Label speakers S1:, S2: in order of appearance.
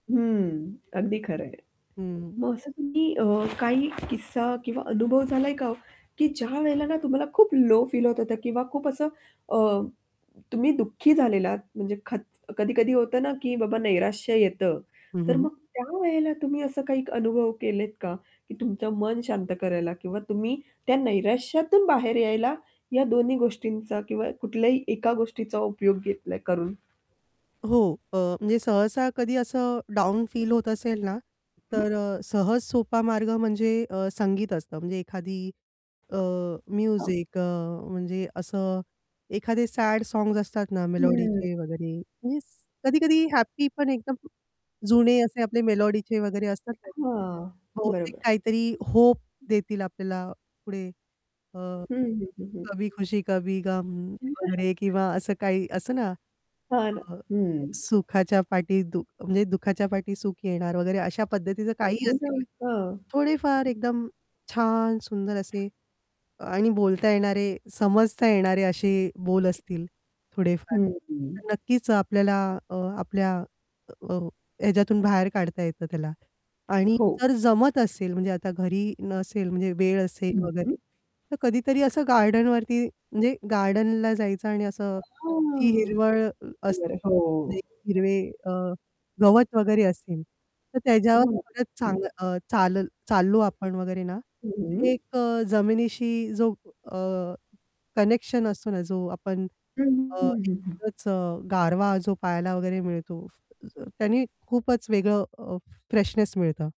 S1: हम्म. अगदी खरंय.
S2: हं.
S1: मग असं तुम्ही अ, काही किस्सा किंवा अनुभव झालाय का हो? की ज्या वेळेला ना तुम्हाला खूप लो फील होत होतं किंवा खूप असं अ, तुम्ही दुःखी झालेलात म्हणजे खत कधी-कधी होतं ना की बाबा नैराश्य येतं.
S2: हं,
S1: तर
S2: हं.
S1: मग त्या वेळेला तुम्ही असं काही अनुभव केलेत का? की तुमचं मन शांत करायला किंवा तुम्ही त्या नैराश्यातून बाहेर यायला या दोन्ही गोष्टींचा किंवा कुठल्याही एका गोष्टीचा उपयोग घेतलाय करून?
S2: हो. अ, म्हणजे सहसा कधी असं डाउन फील होत असेल ना,
S1: हं, हं.
S2: तर अ, सहज सोपा मार्ग म्हणजे अ, संगीत असतं. म्हणजे एखादी अ,
S1: हो.
S2: म्युझिक अ, म्हणजे असं एखादे सॅड सॉंगस् असतात ना
S1: हम्म.
S2: मेलोडीचे वगैरे. म्हणजे कधी-कधी हॅपी पण एकदम जुने असे आपले मेलोडीचे वगैरे असतात ना,
S1: अ,
S2: [unintelligible]
S1: हां.
S2: बहुतेक
S1: बरोबर.
S2: काहीतरी होप देतील आपल्याला पुढे अ,
S1: हं, हं, हं, हं.
S2: कभी खुशी, कभी गम वगैरे किंवा असं काही असंत ना
S1: हां ना.
S2: अ,
S1: हं.
S2: सुखाच्या पाठी दु म्हणजे दुःखाच्या पाठी सुख येणार वगैरे अशा पद्धतीचं काहीही
S1: हो ना.
S2: असेल
S1: हां.
S2: [unintelligible] थोडेफार एकदम छान सुंदर असे अ, आणि बोलता येणारे समजता येणारे असे बोल असतील थोडेफार
S1: हं, हं.
S2: तर नक्कीच आपल्याला अ, आपल्या अ, ह्याच्यातून बाहेर काढता येतं त्याला. आणि
S1: हो.
S2: जर जमत असेल म्हणजे आता घरी नसेल म्हणजे वेळ असेल
S1: हं, हं.
S2: वगैरे तर कधीतरी असं गार्डनवरती म्हणजे गार्डनला जायचं आणि असं ती
S1: हां.
S2: हिरवळ अ, [unintelligible]
S1: बर हो.
S2: म्हणजे हिरवे अ, गवत वगैरे असेल, तर त्याच्यावर
S1: हो.
S2: परत चाल
S1: [unintelligible]
S2: अ, चालल चाललो आपण वगैरे ना,
S1: हं,
S2: तर
S1: हं.
S2: एक अ, जमिनीशी जो अ, कनेक्शन असतो ना जो आपण
S1: हं,
S2: अ,
S1: हं, हं.
S2: एकच गारवा जो पहायला वगैरे मिळतो तर त्याने खूपच वेगळं अ, फ्रेशनेस मिळतं.